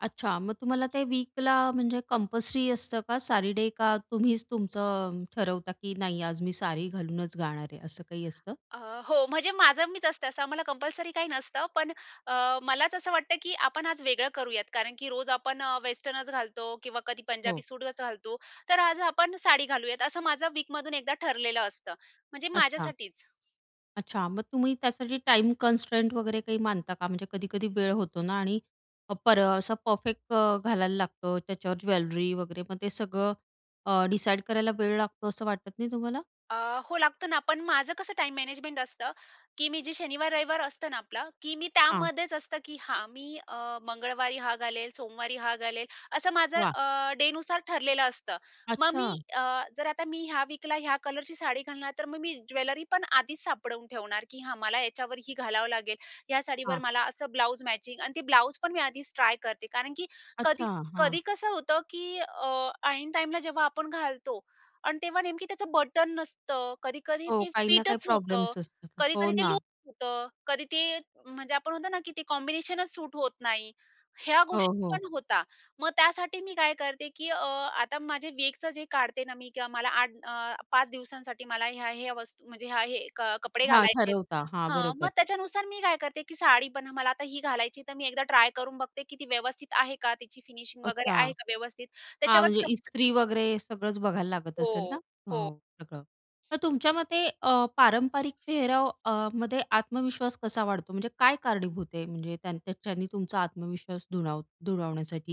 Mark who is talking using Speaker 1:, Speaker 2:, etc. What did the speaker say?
Speaker 1: अच्छा. मग तुम्हाला ते वीकला म्हणजे कंपल्सरी असतं का साडी डे? का तुम्हीच तुमचं ठरवता की नाही, आज मी साडी घालूनच जाणार आहे. असं काही असतं?
Speaker 2: अ, हो म्हणजे माझं मीच असते, असं आम्हाला कंपल्सरी काही नसतं, पण अ, मलाच असं वाटतं, की आपण आज वेगळं करूयात कारण की रोज आपण अ, वेस्टर्नच घालतो किंवा कधी
Speaker 1: हो.
Speaker 2: पंजाबी सूटच घालतो, तर आज आपण साडी घालूयात, असं माझा वीकमधून एकदा ठरलेलं असतं. म्हणजे
Speaker 1: अच्छा.
Speaker 2: माझ्यासाठीच.
Speaker 1: अच्छा. मग तुम्ही त्यासाठी टाईम कन्स्ट्रेंट वगैरे काही मानता का? म्हणजे कधी-कधी वेळ होतो ना आणि पर असं परफेक्ट घालायला लागतो, त्याच्यावर ज्वेलरी वगैरे, मग ते सगळं अ, डिसाईड करायला वेळ लागतो, असं वाटत नाही तुम्हाला?
Speaker 2: अ, हो, लागतं ना. पण माझं कसं टाईम मॅनेजमेंट असतं, की मी जे शनिवार, रविवार असतं ना आपलं, की मी
Speaker 1: हां.
Speaker 2: त्यामध्येच असतं की हां. मी अ, मंगळवारी हा घालेल, सोमवारी हा घालेल, असं माझं
Speaker 1: वाह!
Speaker 2: अ, डेनुसार ठरलेलं असतं. मग मी
Speaker 1: अच्छा.
Speaker 2: अ, जर आता मी ह्या विकला, ह्या कलरची साडी घालणार, तर मग मी ज्वेलरी पण आधीच सापडवून ठेवणार, की हां, मला याच्यावर ही घालावं लागेल. ह्या साडीवर
Speaker 1: हां.
Speaker 2: मला असं ब्लाऊज मॅचिंग आणि ते ब्लाऊज पण मी आधीच ट्राय करते. कारण की कधी
Speaker 1: अच्छा, हां.
Speaker 2: कधी कसं होतं की अ, ऐन टाईमला जेव्हा आपण घालतो आणि तेव्हा नेमकी त्याचं बटन नसतं, कधी-कधी
Speaker 1: हो.
Speaker 2: ते
Speaker 1: काही ना काही
Speaker 2: फिटच होतं,
Speaker 1: प्रॉब्लेम्स असतात हो
Speaker 2: कधी-कधी ते
Speaker 1: ना.
Speaker 2: लुझ होतं, कधी ते म्हणजे आपण म्हणतो ना, की ते कॉम्बिनेशनच सूट होत नाही. ह्या
Speaker 1: हो,
Speaker 2: गोष्टी
Speaker 1: हो.
Speaker 2: पण होता. मग त्यासाठी मी काय करते की अ, आता माझे वीकचं जे काढते ना, मी किंवा मला 8 अ, 5 दिवसांसाठी मला ह्या-ह्या वस्तू म्हणजे ह्या हे कपडे
Speaker 1: हां.
Speaker 2: घालायचे आहेत,
Speaker 1: ठरवता. हां.
Speaker 2: हं. मग
Speaker 1: बरोबर.
Speaker 2: त्याच्यानुसार मी काय करते की साडी पण मला आता ही घालायची आहे, तर मी एकदा ट्राय करून बघते की ती व्यवस्थित आहे का, तिची फिनिशिंग वगैरे
Speaker 1: अच्छा.
Speaker 2: आहे का व्यवस्थित?
Speaker 1: हां. म्हणजे
Speaker 2: त्याच्यावरच
Speaker 1: ईस्त्री वगैरे सगळंच बघायला लागत असेल ना?
Speaker 2: हो, हो.
Speaker 1: हो सगळं. तर तुमच्या मते अ, पारंपरिक पेहराव अ, मध्ये आत्मविश्वास कसा वाढतो? म्हणजे काय कारणीभूत आहे? म्हणजे त्याच्याने तुमचा आत्मविश्वास दुणाव दुणावण्यासाठी?